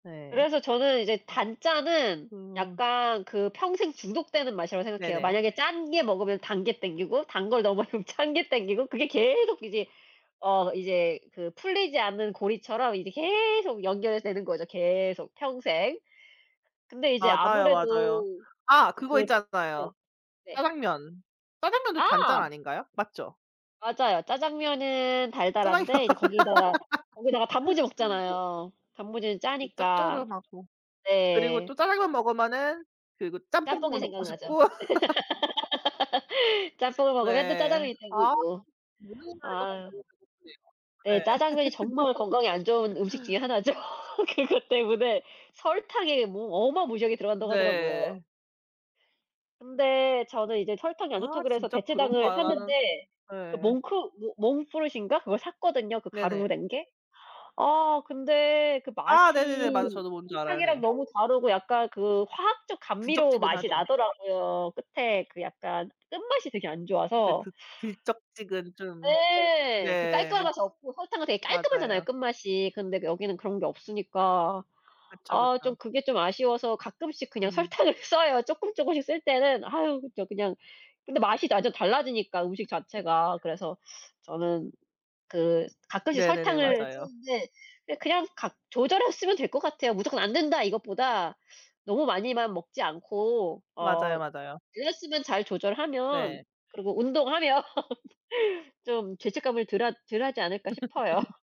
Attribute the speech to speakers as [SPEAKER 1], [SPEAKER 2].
[SPEAKER 1] 네.
[SPEAKER 2] 그래서 저는 이제 단짠은
[SPEAKER 1] 그
[SPEAKER 2] 약간 그 평생 중독되는 맛이라고 생각해요.
[SPEAKER 1] 네네.
[SPEAKER 2] 만약에 짠 게 먹으면 단 게 당기고 단 걸 너무 많이 먹으면 짠 게 당기고 그게 계속 이제 어 이제 그 풀리지 않는 고리처럼 이제 계속 연결이 되는 거죠, 계속 평생. 근데 이제
[SPEAKER 1] 맞아요, 맞아요.
[SPEAKER 2] 아무래도
[SPEAKER 1] 아 그거
[SPEAKER 2] 그 네.
[SPEAKER 1] 있잖아요,
[SPEAKER 2] 네.
[SPEAKER 1] 짜장면. 짜장면도 단짠
[SPEAKER 2] 아.
[SPEAKER 1] 아닌가요? 맞죠?
[SPEAKER 2] 맞아요. 짜장면은
[SPEAKER 1] 짜장면.
[SPEAKER 2] 달달한데 이제 거기다가 거기다가 단무지 먹잖아요. 단무지는
[SPEAKER 1] 그
[SPEAKER 2] 짜니까.
[SPEAKER 1] 짭조름하고. 그리고
[SPEAKER 2] 네.
[SPEAKER 1] 또 짜장면 먹으면은 그리고 짬뽕
[SPEAKER 2] 짬뽕이
[SPEAKER 1] 국물 먹고
[SPEAKER 2] 생각나죠.
[SPEAKER 1] 싶고.
[SPEAKER 2] 짬뽕을 먹으면 또
[SPEAKER 1] 네.
[SPEAKER 2] 짜장면이
[SPEAKER 1] 아.
[SPEAKER 2] 당기고. 아.
[SPEAKER 1] [unintelligible]
[SPEAKER 2] 네.
[SPEAKER 1] 네.
[SPEAKER 2] 짜장면이 정말 건강에 안 좋은 음식 중에 하나죠. 그것 때문에 설탕이 뭐 어마무시하게 들어 간다고 하더라고요.
[SPEAKER 1] 네.
[SPEAKER 2] 근데 저는 이제 "설탕이 안 좋다."
[SPEAKER 1] 아
[SPEAKER 2] 그래서
[SPEAKER 1] 진짜
[SPEAKER 2] 대체당을
[SPEAKER 1] 그런가요? 나는
[SPEAKER 2] 샀는데 그
[SPEAKER 1] 예.
[SPEAKER 2] 몽크 모 몽크푸릇인가? 그걸 샀거든요, 그 가루로
[SPEAKER 1] 네네.
[SPEAKER 2] 된 게. 아 근데 그
[SPEAKER 1] 아 네네네. 맞아요.
[SPEAKER 2] 맛이
[SPEAKER 1] 저도 뭔 줄 알아요.
[SPEAKER 2] 설탕이랑
[SPEAKER 1] 네.
[SPEAKER 2] 너무 다르고 약간 그 화학적 감미료 맛이
[SPEAKER 1] 들쩍지근하죠.
[SPEAKER 2] 나더라고요. 끝에 그 약간 끝맛이 되게 안
[SPEAKER 1] 네.
[SPEAKER 2] 좋아서
[SPEAKER 1] 드 들쩍지근 좀.
[SPEAKER 2] 네. 그 깔끔한
[SPEAKER 1] 네.
[SPEAKER 2] 맛이 없고 설탕은 되게 깔끔하잖아요,
[SPEAKER 1] 맞아요.
[SPEAKER 2] 끝맛이. 근데 여기는 그런 게 없으니까.
[SPEAKER 1] 그쵸,
[SPEAKER 2] 아 좀
[SPEAKER 1] 그쵸.
[SPEAKER 2] 그게 좀 아쉬워서 가끔씩 그냥
[SPEAKER 1] 음.
[SPEAKER 2] 설탕을 써요. 쪼끔쪼끔씩 쓸 때는 아유 저 그냥 근데 맛이 완전 달라지니까, 음식 자체가. 그래서 저는 그 가끔씩
[SPEAKER 1] 네네네.
[SPEAKER 2] 설탕을
[SPEAKER 1] 맞아요.
[SPEAKER 2] 쓰는데 그냥 각 조절해서 쓰면 될 것 같아요. "무조건 안된다." 이것보다 너무 많이만 먹지 않고 어
[SPEAKER 1] 맞아요, 맞아요.
[SPEAKER 2] 그램 수만 잘 조절하면
[SPEAKER 1] 네.
[SPEAKER 2] 그리고 운동하면 좀 죄책감을 덜 하 덜 하지 않을까? 싶어요.